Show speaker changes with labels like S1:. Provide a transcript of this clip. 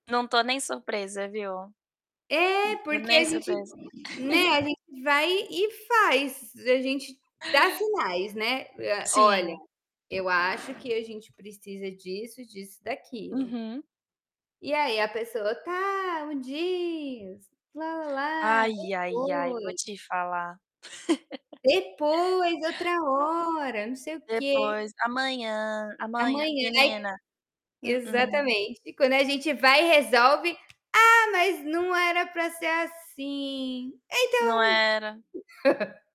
S1: Não tô nem surpresa, viu?
S2: É,
S1: Não tô
S2: porque
S1: nem
S2: a gente
S1: surpresa.
S2: né, a gente vai e faz. A gente dá sinais, né. Eh: "Olha,
S1: Sim.
S2: eu acho que a gente precisa disso, disso e daquilo."
S1: Uhum.
S2: E aí a pessoa: "Tá, um dias, lá-lá-lá,
S1: Ai, ai, ai. Vou
S2: depois"
S1: te falar.
S2: "depois, outra
S1: A
S2: hora não sei o quê".
S1: depois, amanhã, amanhã
S2: "Amanhã",
S1: menina,
S2: ai
S1: mm-mm.
S2: exatamente. E quando a gente vai e resolve: "Ah, mas não era pra ser assim". Então
S1: Não era.